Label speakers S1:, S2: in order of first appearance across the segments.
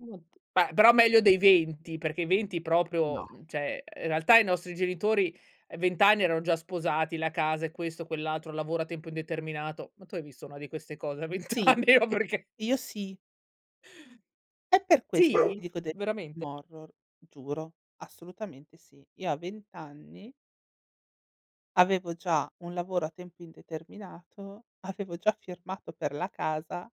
S1: Mh, ma però meglio dei 20, perché i 20 proprio,
S2: No.
S1: mhmm, cioè, uhm, in realtà i nostri genitori, ehm, 20 anni erano già sposati, la casa e questo, quell'altro, lavoro a tempo indeterminato, ma tu hai visto una di queste cose a 20
S2: Sì.
S1: anni? No perché
S2: Io sì. È per
S1: Sì?
S2: questo ti dico del film
S1: Veramente?
S2: horror, giuro, assolutamente sì. Io a 20 anni avevo già un lavoro a tempo indeterminato, avevo già firmato per la casa.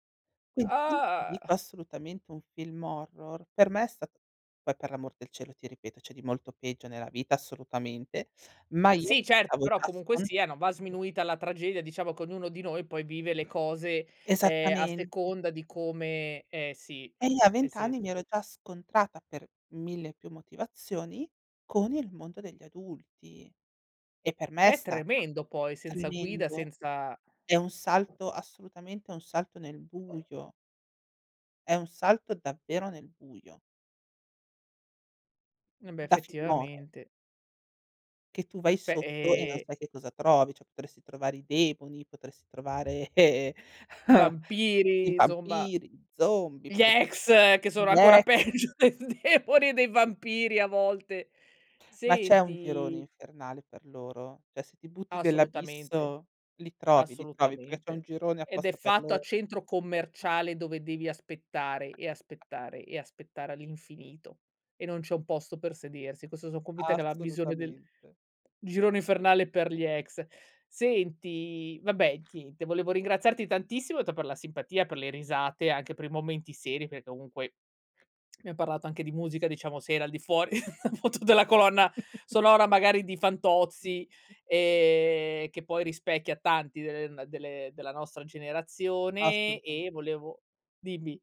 S2: Quindi quando ti dico
S1: Ah!
S2: assolutamente un film horror, per me è stato poi per l'amor del cielo, ti ripeto c'è di molto peggio nella vita assolutamente, ma io
S1: Sì,
S2: mi
S1: certo,
S2: stavo
S1: però
S2: già
S1: comunque
S2: scon
S1: sia, non va sminuita la tragedia, diciamo che ognuno di noi poi vive le cose, ehm, a
S2: Esattamente.
S1: seconda di come ehm, si,
S2: E io a
S1: nel
S2: 20 anni mi
S1: senso
S2: ero già scontrata per mille più motivazioni con il mondo degli adulti, e per me è
S1: Che è
S2: stata
S1: tremendo poi, senza guida,
S2: tremendo.
S1: senza
S2: È un salto assolutamente un salto nel buio è un salto davvero nel buio.
S1: E beh,
S2: Da film horror.
S1: effettivamente.
S2: Che tu vai
S1: Beh
S2: sotto, e non
S1: e
S2: sai che cosa trovi, cioè potresti trovare i demoni, potresti trovare, ehm, i
S1: Vampiri, insomma.
S2: vampiri, gli zombie,
S1: Gli
S2: potresti
S1: ex! Che sono
S2: un
S1: ancora
S2: ex.
S1: peggio dei demoni e dei vampiri a volte.
S2: Ma c'è un girone
S1: Senti
S2: infernale per loro? Cioè se ti butti
S1: Assolutamente,
S2: dell'abisso li trovi, li trovi, perché c'è un
S1: assolutamente.
S2: girone
S1: Ed è
S2: apposta per
S1: fatto a
S2: loro.
S1: centro commerciale dove devi aspettare, e aspettare, e aspettare all'infinito, e non c'è un posto per sedersi. Questo so' convinta che è la visione del
S2: Assolutamente.
S1: girone infernale per gli ex. Senti, vabbè ti te volevo ringraziarti tantissimo t per la simpatia, per le risate anche per i momenti seri perché comunque abbiam parlato anche di musica, diciamo se era al di fuori appunto della colonna sonora magari di Fantozzi, ehm, che poi rispecchia tanti de ehm, delle della nostra generazione, e
S2: Assolutamen
S1: volevo dimmi?